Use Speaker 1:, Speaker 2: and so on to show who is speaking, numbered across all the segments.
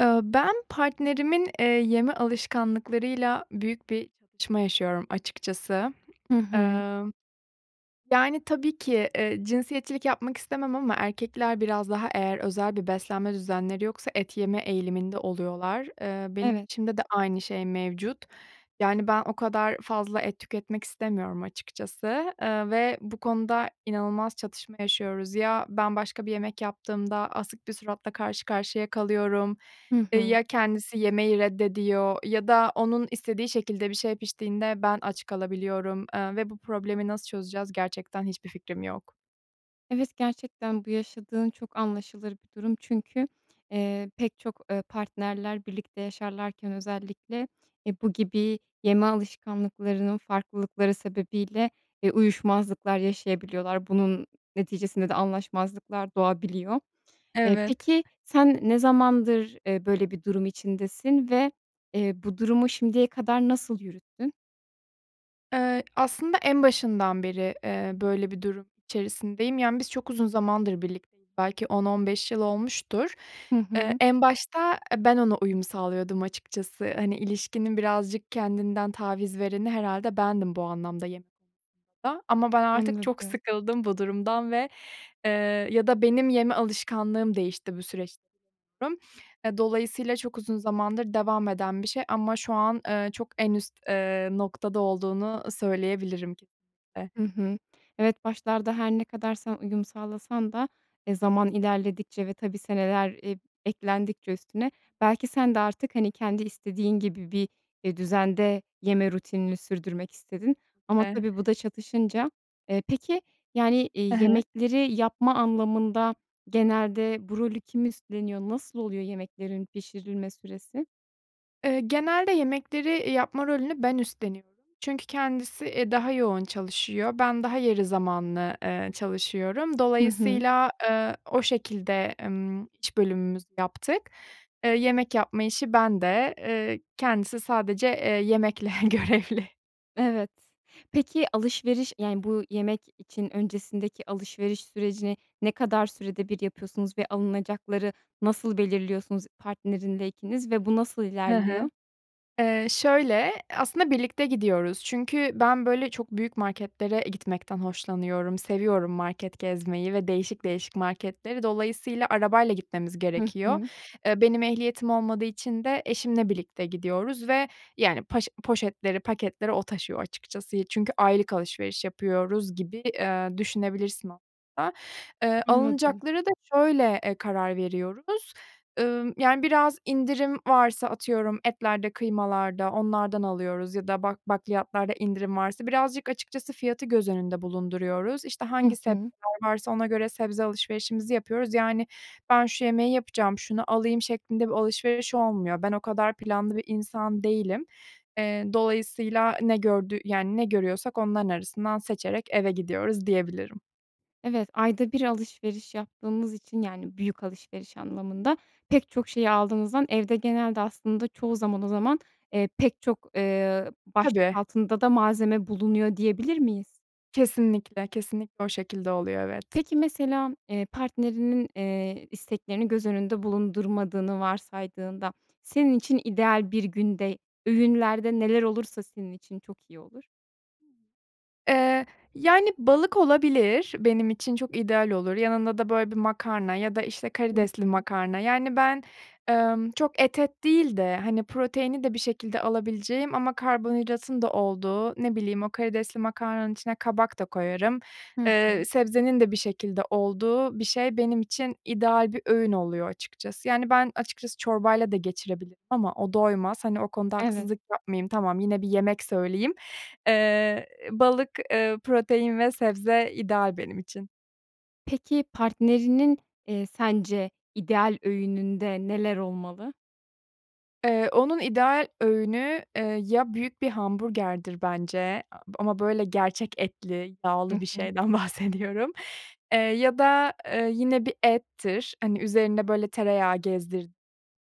Speaker 1: Eee, ben partnerimin, eee, yeme alışkanlıklarıyla büyük bir çatışma yaşıyorum açıkçası.
Speaker 2: Hı hı.
Speaker 1: Eee, yani, tabii ki, eee, cinsiyetçilik yapmak istemem ama erkekler biraz daha eğer özel bir beslenme düzenleri yoksa et yeme eğiliminde oluyorlar. Eee, benim
Speaker 2: Evet.
Speaker 1: eşimde de aynı şey mevcut. Yani, ben o kadar fazla et tüketmek istemiyorum açıkçası, eee, ve bu konuda inanılmaz çatışma yaşıyoruz. Ya, ben başka bir yemek yaptığımda asık bir suratla karşı karşıya kalıyorum.
Speaker 2: Hı
Speaker 1: Eee,
Speaker 2: hı.
Speaker 1: ya, kendisi yemeyi reddediyor ya da onun istediği şekilde bir şey piştiğinde ben aç kalabiliyorum, eee, ve bu problemi nasıl çözeceğiz gerçekten hiçbir fikrim yok.
Speaker 2: Evet, gerçekten bu yaşadığın çok anlaşılır bir durum. Çünkü, eee, pek çok, eee, partnerler birlikte yaşarlarken özellikle, e, bu gibi yeme alışkanlıklarının farklılıkları sebebiyle, eee, uyuşmazlıklar yaşayabiliyorlar. Bunun neticesinde de anlaşmazlıklar doğabiliyor. Eee,
Speaker 1: Evet.
Speaker 2: peki, sen ne zamandır, eee, böyle, bir durum içindesin ve, eee, bu durumu şimdiye kadar nasıl yürüttün?
Speaker 1: Iıı, aslında en başından beri, eee, böyle bir durum içerisindeyim. Yani, biz çok uzun zamandır birlikteyiz, belki 10-15 yıl olmuştur.
Speaker 2: Hı
Speaker 1: Eee,
Speaker 2: hı.
Speaker 1: en başta, e, ben ona uyum sağlıyordum açıkçası. Hani, ilişkinin birazcık kendinden taviz vereni herhâlde bendim bu anlamda. [unintelligible] Ama ben artık çok
Speaker 2: Anladım.
Speaker 1: sıkıldım bu durumdan ve, eee, ya da benim yeme alışkanlığım değişti bu süreçte sanıyorum. E, dolayısıyla çok uzun zamandır devam eden bir şey ama şu an, eee, çok en üst, eee, noktada olduğunu söyleyebilirim, kesinlikle.
Speaker 2: Hı hı. Evet başlarda her ne kadar sen uyum sağlasan da, e, zaman ilerledikçe ve tabii, seneler eb eklendikçe üstüne belki sen de artık, hani, kendi istediğin gibi bir, e, düzende yeme rutinini sürdürmek istedin. Ama tabii bu
Speaker 1: [unintelligible]
Speaker 2: da çatışınca. Eee, peki yani,
Speaker 1: He
Speaker 2: iii,
Speaker 1: he.
Speaker 2: yemekleri yapma anlamında genelde bu rolü kim üstleniyor nasıl oluyor yemeklerin pişirilme süresi?
Speaker 1: Eee, genelde yemekleri, eee, yapma rolünü ben üstleniyorum. Çünkü kendisi, e, daha yoğun çalışıyor, ben daha yarı zamanlı, eee, çalışıyorum.
Speaker 2: Hı hı.
Speaker 1: Dolayısıyla, eee, o şekilde, ımm, iş bölümümüzü yaptık. Eee, yemek yapma işi bende. Eee, kendisi sadece, eee, yemekle görevli.
Speaker 2: Evet. Peki, alışveriş, yani, bu yemek için öncesindeki alışveriş sürecini ne kadar sürede bir yapıyorsunuz ve alınacakları nasıl belirliyorsunuz partnerinle ikiniz ve bu nasıl
Speaker 1: Hı hı.
Speaker 2: ilerliyor?
Speaker 1: Eee, şöyle, aslında birlikte gidiyoruz çünkü ben böyle çok büyük marketlere gitmekten hoşlanıyorum, seviyorum market gezmeyi ve değişik değişik marketleri. Dolayısıyla arabayla gitmemiz
Speaker 2: Hı
Speaker 1: gerekiyor.
Speaker 2: hı.
Speaker 1: Eee, benim ehliyetim olmadığı için de eşimle birlikte gidiyoruz ve yani paş poşetleri, paketleri o taşıyor açıkçası. Çünkü aylık alışveriş yapıyoruz gibi, eee, düşünebilirsin aslında. Eee,
Speaker 2: Anladım.
Speaker 1: alınacaklara da şöyle, eee, karar veriyoruz. Iıı, yani biraz indirim varsa atıyorum etlerde, kıymalarda onlardan alıyoruz ya da bak bakliyatlarda indirim varsa birazcık açıkçası fiyatı göz önünde bulunduruyoruz. İşte
Speaker 2: Hı
Speaker 1: hangi sebzeler
Speaker 2: hı.
Speaker 1: varsa ona göre sebze alışverişimizi yapıyoruz. Yani, "Ben şu yemeği yapacağım, şunu alayım." şeklinde bir alışveriş olmuyor. Ben o kadar planlı bir insan değilim. Eee, dolayısıyla ne gördü yani, ne görüyorsak onların arasından seçerek eve gidiyoruz diyebilirim.
Speaker 2: Evet, ayda 1 alışveriş yaptığınız için -yani, büyük alışveriş anlamında pek çok şeyi aldığınızdan evde genelde aslında çoğu zaman, o zaman, eee, pek çok, ııı, başlık
Speaker 1: Tabii.
Speaker 2: altında da malzeme bulunuyor diyebilir miyiz?
Speaker 1: Kesinlikle. Kesinlikle o şekilde oluyor, evet.
Speaker 2: Peki, mesela, eee, partnerinin, eee, isteklerini göz önünde bulundurmadığını varsaydığında, senin için ideal bir günde öğünlerde neler olursa senin için çok iyi olur?
Speaker 1: Eee, yani, balık olabilir. Benim için çok ideal olur. Yanında da, böyle, bir makarna ya da, işte,
Speaker 2: Hı
Speaker 1: karidesli
Speaker 2: hı.
Speaker 1: makarna. Yani, ben, emm, çok et et değil de, hani, proteini de bir şekilde alabileceğim ama karbonhidratın da olduğu, ne bileyim, o karidesli makarnanın içine kabak da koyarım.
Speaker 2: Hı
Speaker 1: Eee,
Speaker 2: hı.
Speaker 1: sebzenin de bir şekilde olduğu bir şey benim için ideal bir öğün oluyor açıkçası. Yani, ben açıkçası çorbayla da geçirebilirim ama o doymaz. Hani, o konuda
Speaker 2: Evet.
Speaker 1: haksızlık yapmayayım. Tamam, yine bir yemek söyleyeyim. Eee, balık, eee, protein ve sebze ideal benim için.
Speaker 2: Peki, partnerinin, eee, sence ideal öğününde neler olmalı?
Speaker 1: Eee, onun ideal öğünü, eee, ya büyük bir hamburgerdir bence ama böyle gerçek etli,
Speaker 2: Hı
Speaker 1: yağlı bir
Speaker 2: hı.
Speaker 1: şeyden bahsediyorum eee, ya da yine bir ettir, hani, üzerinde böyle tereyağı gezdir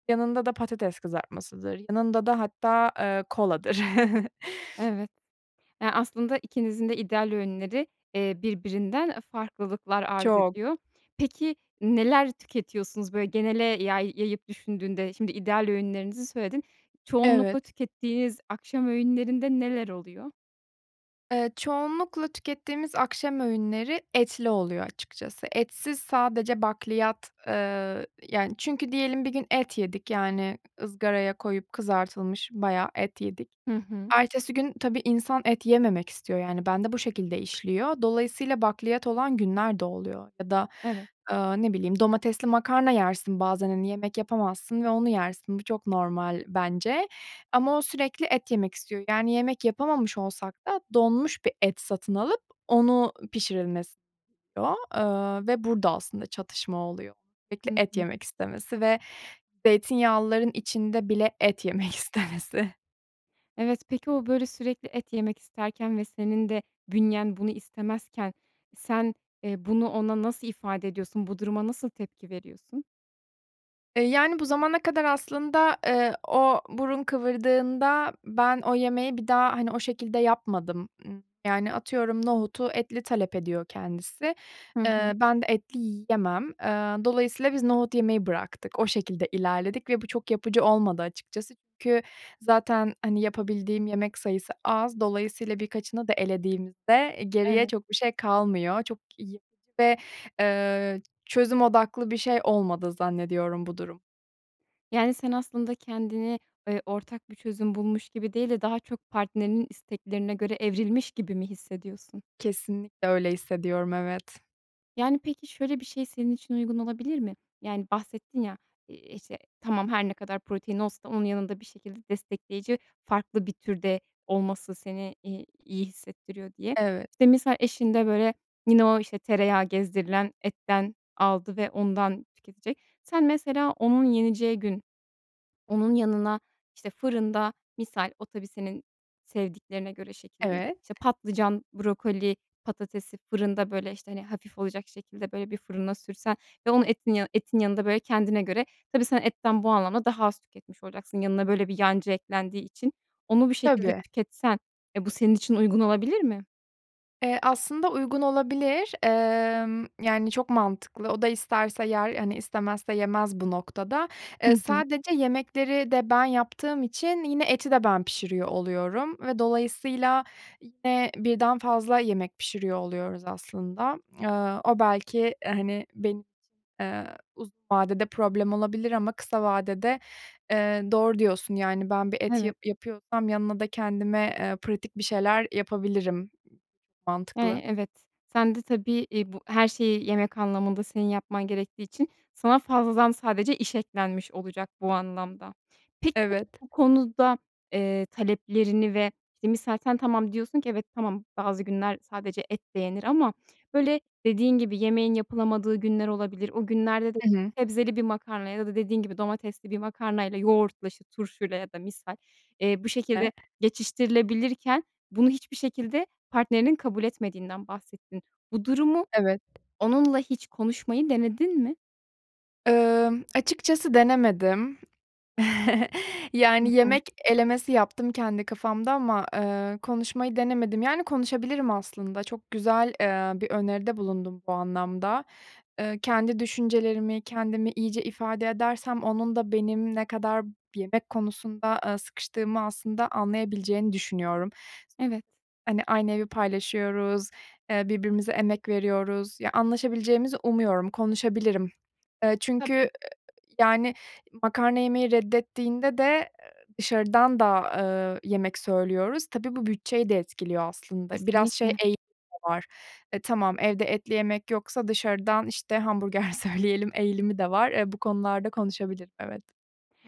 Speaker 1: yanında da patates kızartmasıdır, yanında da hatta, eee, koladır.
Speaker 2: Evet. Ya, aslında ikinizin de ideal öğünleri, eee, birbirinden, e, farklılıklar arz
Speaker 1: Çok.
Speaker 2: ediyor. Peki, neler tüketiyorsunuz, böyle, genele yay yayıp düşündüğünde? Şimdi ideal öğünlerinizi söyledin. Çoğunlukla
Speaker 1: Evet.
Speaker 2: tükettiğiniz akşam öğünlerinde neler oluyor?
Speaker 1: Eee, çoğunlukla tükettiğimiz akşam öğünleri etli oluyor açıkçası. Etsiz sadece bakliyat. Eee, yani, çünkü diyelim bir gün et yedik, yani ızgaraya koyup kızartılmış bayağı et yedik.
Speaker 2: Hı hı.
Speaker 1: Ertesi gün tabii, insan et yememek istiyor, yani, bende bu şekilde işliyor. Dolayısıyla, bakliyat olan günler de oluyor ya da,
Speaker 2: Evet.
Speaker 1: eee, ne bileyim, domatesli makarna yersin bazen, hani, yemek yapamazsın ve onu yersin. Bu çok normal bence ama o sürekli et yemek istiyor. Yani, yemek yapamamış olsak da donmuş bir et satın alıp onu pişirilmesini istiyor, eee, ve burada aslında çatışma oluyor. Sürekli
Speaker 2: Hı
Speaker 1: et
Speaker 2: hı.
Speaker 1: yemek istemesi ve zeytinyağlıların içinde bile et yemek istemesi.
Speaker 2: Evet, peki, o, böyle, sürekli et yemek isterken ve senin de bünyen bunu istemezken sen, eee, bunu ona nasıl ifade ediyorsun, bu duruma nasıl tepki veriyorsun?
Speaker 1: Eee, yani, bu zamana kadar aslında, eee, o burun kıvırdığında ben o yemeği bir daha, hani, o şekilde yapmadım. Imm, yani, atıyorum nohutu etli talep ediyor kendisi,
Speaker 2: Hı
Speaker 1: eee,
Speaker 2: hı.
Speaker 1: ben de etli yiyemem. Eee, dolayısıyla biz nohut yemeyi bıraktık, o şekilde ilerledik ve bu çok yapıcı olmadı açıkçası. Çünkü zaten, hani, yapabildiğim yemek sayısı az, dolayısıyla birkaçını da elediğimizde geriye
Speaker 2: Evet.
Speaker 1: çok bir şey kalmıyor. Çok yapıcı ve, eee, çözüm odaklı bir şey olmadı zannediyorum bu durum.
Speaker 2: Yani, sen aslında kendini, eee, ortak bir çözüm bulmuş gibi değil de daha çok partnerinin isteklerine göre evrilmiş gibi mi hissediyorsun?
Speaker 1: Kesinlikle öyle hissediyorum evet.
Speaker 2: Yani, peki, şöyle bir şey senin için uygun olabilir mi? Yani, bahsettin ya, i işte, tamam her ne kadar protein olsa onun yanında bir şekilde destekleyici farklı bir türde olması seni, iii, iyi hissettiriyor diye.
Speaker 1: Evet.
Speaker 2: İşte, misal eşin de, böyle, yine o, işte, tereyağı gezdirilen etten aldı ve ondan tüketecek. Sen mesela onun yeneceği gün onun yanına, işte, fırında misal o tabii senin sevdiklerine göre şekillenir.
Speaker 1: Evet.
Speaker 2: İşte, patlıcan, brokoli, patatesi fırında, böyle, işte, hani, hafif olacak şekilde, böyle, bir fırına sürsen ve onu etin yanı etin yanında, böyle, kendine göre tabii sen etten bu anlamda daha az tüketmiş olacaksın yanına böyle bir yancı eklendiği için. Onu bu şekilde
Speaker 1: Tabii.
Speaker 2: tüketsen e, bu senin için uygun olabilir mi?
Speaker 1: Eee, aslında uygun olabilir. Emm, yani, çok mantıklı. O da isterse yer, hani, istemezse yemez bu noktada.
Speaker 2: Hı
Speaker 1: Iıı,
Speaker 2: hı.
Speaker 1: sadece yemekleri de ben yaptığım için yine eti de ben pişiriyor oluyorum ve dolayısıyla yine birden fazla yemek pişiriyor oluyoruz aslında. Iıı, o belki, hani, benim için, ııı, uzun vadede problem olabilir ama kısa vadede, ııı, doğru diyorsun, yani, ben bir et
Speaker 2: Evet.
Speaker 1: yap yapıyorsam yanına da kendime, ııı, pratik bir şeyler yapabilirim. Mantıklı.
Speaker 2: Eee, evet. Sen de tabii, i bu her şeyi yemek anlamında senin yapman gerektiği için sana fazladan sadece iş eklenmiş olacak bu anlamda. Peki,
Speaker 1: Evet.
Speaker 2: bu konuda, eee, taleplerini ve, işte, misal sen tamam, diyorsun ki "Evet, tamam, bazı günler sadece et de yenir." ama, böyle, dediğin gibi yemeğin yapılamadığı günler olabilir. O günlerde de
Speaker 1: Hı hı.
Speaker 2: sebzeli bir makarna ya da dediğin gibi domatesli bir makarnayla yoğurtla, işte, turşuyla ya da misal, eee, bu şekilde geçiştirilebilirken bunu hiçbir şekilde partnerinin kabul etmediğinden bahsettin. Bu durumu
Speaker 1: Evet.
Speaker 2: onunla hiç konuşmayı denedin mi?
Speaker 1: Iıı, açıkçası denemedim. Yani,
Speaker 2: Hı hı.
Speaker 1: yemek elemesi yaptım kendi kafamda ama, eee, konuşmayı denemedim. Yani, konuşabilirim aslında. Çok güzel, eee, bir öneride bulundun bu anlamda. Eee, kendi düşüncelerimi, kendimi iyice ifade edersem onun da benim ne kadar yemek konusunda, ııı, sıkıştığımı aslında anlayabileceğini düşünüyorum. S
Speaker 2: Evet.
Speaker 1: [unintelligible] hani, aynı evi paylaşıyoruz, eee, birbirimize emek veriyoruz. Ya, anlaşabileceğimizi umuyorum. Konuşabilirim. Iıı, çünkü, ııı,
Speaker 2: Tabii.
Speaker 1: yani, makarna yemeyi reddettiğinde de, eee, dışarıdan da, ııı, yemek söylüyoruz. Tabii, bu bütçeyi de etkiliyor aslında. Biraz şey
Speaker 2: Kesinlikle.
Speaker 1: eğilimi de var: eee, "Tamam, evde etli yemek yoksa dışarıdan, işte, hamburger söyleyelim." eğilimi de var. Eee, bu konularda konuşabilirim, evet.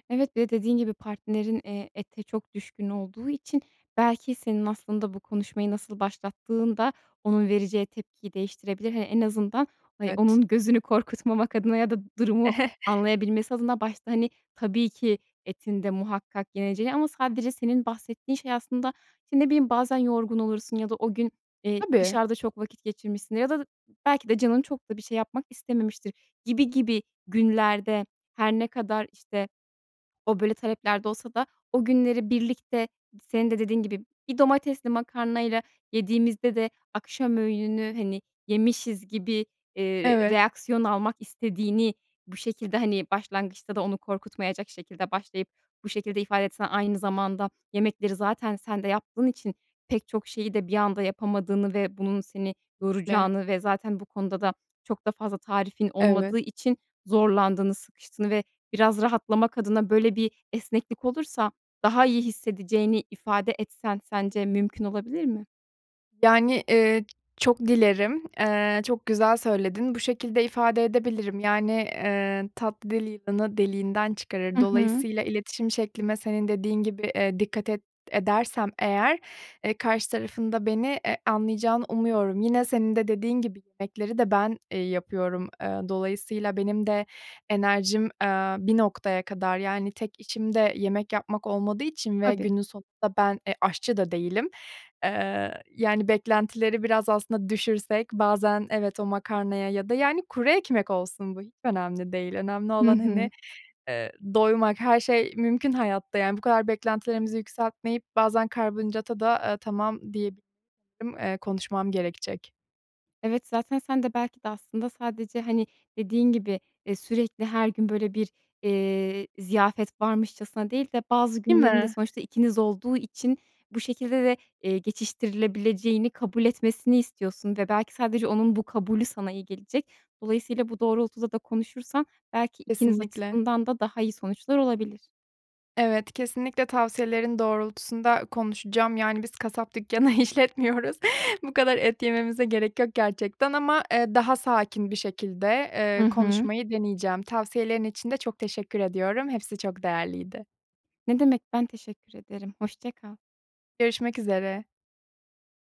Speaker 2: Evet ve dediğin gibi, partnerin, eee, ete çok düşkün olduğu için, belki senin aslında bu konuşmayı nasıl başlattığın da onun vereceği tepkiyi değiştirebilir. Eee, en azından, hani,
Speaker 1: Evet.
Speaker 2: onun gözünü korkutmamak adına ya da durumu anlayabilmesi adına, başta, hani, tabii ki etin de muhakkak yeneceği ama sadece senin bahsettiğin şey aslında ne bileyim, bazen yorgun olursun ya da o gün, eee,
Speaker 1: Tabii.
Speaker 2: dışarıda çok vakit geçirmişsin ya da belki de canın çok da bir şey yapmak istememiştir gibi gibi günlerde, her ne kadar, işte, o böyle taleplerde olsa da, o günleri birlikte, senin de dediğin gibi, bir domatesli makarnayla yediğimizde de akşam öğününü, hani, yemişiz gibi, eee,
Speaker 1: Evet.
Speaker 2: reaksiyon almak istediğini bu şekilde, hani, başlangıçta da onu korkutmayacak şekilde başlayıp bu şekilde ifade etsen; aynı zamanda yemekleri zaten sen de yaptığın için, pek çok
Speaker 1: Hı
Speaker 2: şeyi de
Speaker 1: hı.
Speaker 2: bir anda yapamadığını ve bunun seni
Speaker 1: [unintelligible] le.
Speaker 2: yoracağını; ve zaten bu konuda da çok da fazla tarifin
Speaker 1: Evet.
Speaker 2: olmadığı için zorlandığını, sıkıştığını ve biraz rahatlamak adına böyle bir esneklik olursa
Speaker 1: Hı
Speaker 2: daha
Speaker 1: hı.
Speaker 2: iyi hissedeceğini ifade etsen, sence mümkün
Speaker 1: Kesinlikle.
Speaker 2: olabilir mi?
Speaker 1: Yani, eee, çok dilerim, eee, çok güzel söyledin. Bu şekilde ifade edebilirim. Yani, eee, tatlı dil yılanı deliğinden çıkarır.
Speaker 2: Hı hı.
Speaker 1: Dolayısıyla iletişim şeklime senin dediğin gibi, eee, dikkat ed edersem eğer, eee, karşı tarafın da beni e anlayacağını umuyorum. Yine senin de dediğin gibi yemekleri de ben, eee, yapıyorum. Eee, dolayısıyla benim de enerjim, eee, bir noktaya kadar, yani, tek işim de yemek yapmak olmadığı için ve
Speaker 2: Tabii.
Speaker 1: günün sonunda ben e, aşçı da değilim. Eee, yani, beklentileri biraz aslında düşürsek bazen evet, o makarnaya ya da, yani, kuru ekmek olsun bu hiç önemli değil. Önemli
Speaker 2: Hı
Speaker 1: olan, hani,
Speaker 2: hı.
Speaker 1: eee, doymak. Her şey mümkün hayatta, yani, bu kadar beklentilerimizi yükseltmeyip bazen karbonhidrata da, eee, tamam diyebilirim. Eee, konuşmam gerekecek.
Speaker 2: Evet, zaten sen de belki de aslında sadece, hani, dediğin gibi, eee, sürekli her gün, böyle, bir, eee, ziyafet varmışçasına değil de bazı
Speaker 1: Değil
Speaker 2: günlerin de
Speaker 1: mi?
Speaker 2: sonuçta ikiniz olduğu için bu şekilde de, eee, geçiştirilebileceğini kabul etmesini istiyorsun ve belki sadece onun bu kabulü sana iyi gelecek. Dolayısıyla bu doğrultuda da konuşursan belki ikiniz
Speaker 1: Kesinlikle.
Speaker 2: açısından da daha iyi sonuçlar olabilir.
Speaker 1: Evet, kesinlikle tavsiyelerin doğrultusunda konuşacağım. Yani, biz kasap dükkanı işletmiyoruz. Bu kadar et yememize gerek yok gerçekten ama, eee, daha sakin bir şekilde,
Speaker 2: Hı
Speaker 1: eee,
Speaker 2: hı.
Speaker 1: konuşmayı deneyeceğim. Tavsiyelerin için de çok teşekkür ediyorum. Hepsi çok değerliydi.
Speaker 2: Ne demek, ben teşekkür ederim. Hoşça kal.
Speaker 1: Görüşmek üzere.